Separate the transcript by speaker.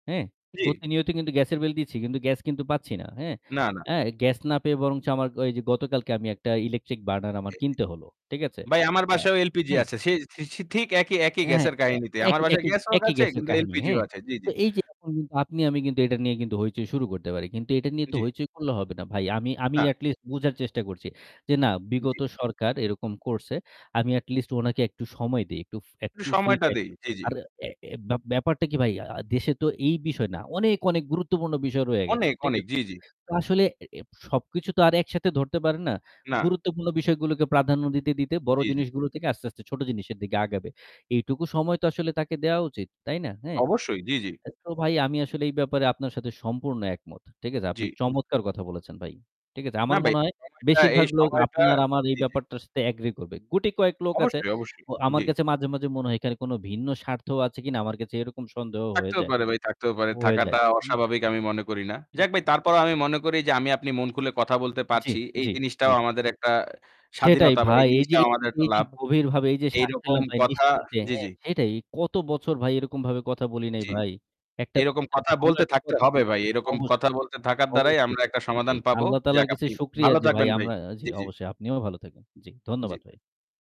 Speaker 1: হ্যাঁ
Speaker 2: জ্বি।
Speaker 1: প্রতিনিয়ত কিন্তু গ্যাসের বিল দিচ্ছি। কিন্তু গ্যাস কিন্তু পাচ্ছি না, হ্যাঁ?
Speaker 2: না, না।
Speaker 1: অ্যা গ্যাস না পেয়ে বরঞ্চ আমার ওই যে গতকালকে আমি একটা ইলেকট্রিক বার্নার আমার কিনতে হল, ঠিক
Speaker 2: [unintelligible]
Speaker 1: আছে?
Speaker 2: ভাই আমার
Speaker 1: অ্যা
Speaker 2: বাসায়ও LPG
Speaker 1: হ্যাঁ।
Speaker 2: আছে। সে স ঠিক একই, একই
Speaker 1: অ্যা হ্যাঁ
Speaker 2: গ্যাসের
Speaker 1: অ্যা
Speaker 2: কাহিনীতে।
Speaker 1: একই
Speaker 2: আমার বাসায়
Speaker 1: একই
Speaker 2: গ্যাসও
Speaker 1: একই
Speaker 2: আছে
Speaker 1: গ্যাসের
Speaker 2: কিন্তু
Speaker 1: কাহিনী।
Speaker 2: LPG ও
Speaker 1: হ্যাঁ?
Speaker 2: আছে। জ্বি, জ্বি।
Speaker 1: তো এই যে এখন কিন্তু আপনি আমি কিন্তু এটা নিয়ে কিন্তু হইচই শুরু করতে পারি। কিন্তু এটা নিয়ে তো
Speaker 2: জ্বি।
Speaker 1: হইচই করলে হবে না ভাই। আমি আমি
Speaker 2: না।
Speaker 1: এট লিস্ট বুঝার চেষ্টা করছি যে না
Speaker 2: জ্বি।
Speaker 1: বিগত সরকার এরকম করছে। আমি এট লিস্ট ওনাকে একটু সময় দিই। ইকটু
Speaker 2: একটু
Speaker 1: একটু ফ্রি
Speaker 2: সময়টা
Speaker 1: টাইম।
Speaker 2: দেই।
Speaker 1: [unintelligible]
Speaker 2: জ্বি, জ্বি।
Speaker 1: আর এ এ ব্যা ব্যাপারটা কি ভাই দেশে তো এই বিষয় না। অনেক, অনেক গুরুত্বপূর্ণ বিষয় রয়ে গেছে,
Speaker 2: অনেক,
Speaker 1: ঠিক
Speaker 2: অনেক।
Speaker 1: আছে?
Speaker 2: জ্বি, জ্বি।
Speaker 1: তো আসলে এ এ সবকিছু তো আর একসাথে ধরতে পারেন না।
Speaker 2: না।
Speaker 1: গুরুত্বপূর্ণ বিষয়গুলোকে প্রাধান্য দিতে, দিতে বড়
Speaker 2: জ্বি, জ্বি।
Speaker 1: জিনিসগুলো থেকে আস্তে, আস্তে ছোট জিনিসের দিকে আগাবে। এইটুকু সময় তো আসলে তাকে দেওয়া উচিত, তাই না? হ্যাঁ?
Speaker 2: অবশ্যই জ্বি, জ্বি।
Speaker 1: অ্যা তো ভাই আমি আসলে এই ব্যাপারে আপনার সাথে সম্পূর্ণ একমত, ঠিক আছে? আপনি
Speaker 2: জ্বি।
Speaker 1: চমৎকার কথা বলেছেন ভাই, ঠিক আছে?
Speaker 2: না
Speaker 1: আমার
Speaker 2: ভাই,
Speaker 1: মনে হয়
Speaker 2: সময়টা এই
Speaker 1: বেশিরভাগ লোক
Speaker 2: সময়টা
Speaker 1: আপনার আমার এই
Speaker 2: জ্বি, জ্বি।
Speaker 1: ব্যাপারটার সাথে এগ্রি করবে। গুটি কয়েক লোক আছে
Speaker 2: অবশ্যই, অবশ্যই।
Speaker 1: ও আমার
Speaker 2: জ্বি।
Speaker 1: কাছে মাঝে, মাঝে মনে হয় এখানে কোনো ভিন্ন স্বার্থও আছে কিনা আমার কাছে এরকম সন্দেহ হয়ে
Speaker 2: থাকতেও
Speaker 1: যায়
Speaker 2: পারে ভাই থাকতেও পারে।
Speaker 1: হয়ে যায়,
Speaker 2: থাকাটা
Speaker 1: হুম?
Speaker 2: অস্বাভাবিক আমি মনে করি না।
Speaker 1: হু,
Speaker 2: যাক ভাই
Speaker 1: হু।
Speaker 2: তারপরেও আমি মনে করি যে আমি আপনি মন খুলে কথা বলতে
Speaker 1: জ্বি,
Speaker 2: পারছি। এই
Speaker 1: জ্বি
Speaker 2: জিনিসটাও
Speaker 1: জ্বি।
Speaker 2: আমাদের একটা
Speaker 1: সেটাই
Speaker 2: স্বাধীনতা বা এই
Speaker 1: ভাই। এই যে
Speaker 2: জিনিসটাও আমাদের একটা
Speaker 1: এই যে
Speaker 2: লাভ।
Speaker 1: গভীরভাবে এই যে শ্বাস
Speaker 2: এইরকম
Speaker 1: ফেললাম ভাই
Speaker 2: কথা
Speaker 1: নিশ্চিন্তে,
Speaker 2: জ্বি,
Speaker 1: হ্যাঁ
Speaker 2: জ্বি।
Speaker 1: সেইটাই। কত বছর ভাই এরকমভাবে কথা বলি নাই
Speaker 2: জ্বি।
Speaker 1: ভাই। একটা
Speaker 2: এইরকম
Speaker 1: [unintelligible]
Speaker 2: কথা
Speaker 1: ভুল
Speaker 2: বলতে
Speaker 1: একটা
Speaker 2: থাকতে
Speaker 1: কথা
Speaker 2: হবে
Speaker 1: বলবো
Speaker 2: ভাই। এইরকম
Speaker 1: অবশ্যই,
Speaker 2: কথা বলতে থাকার দ্বারাই
Speaker 1: অবশ্যই
Speaker 2: আমরা
Speaker 1: ভাই
Speaker 2: একটা
Speaker 1: সেটাই।
Speaker 2: সমাধান পাবো।
Speaker 1: আল্লাহ তায়ালার
Speaker 2: যাক
Speaker 1: কাছে
Speaker 2: আপনি
Speaker 1: শুকরিয়া
Speaker 2: ভালো
Speaker 1: যে ভাই
Speaker 2: থাকবেন ভাই।
Speaker 1: আমরা জি
Speaker 2: জ্বি, জ্বি।
Speaker 1: অবশ্যই আপনিও ভালো থাকবেন। জ্বি
Speaker 2: জ্বি।
Speaker 1: ধন্যবাদ ভাই।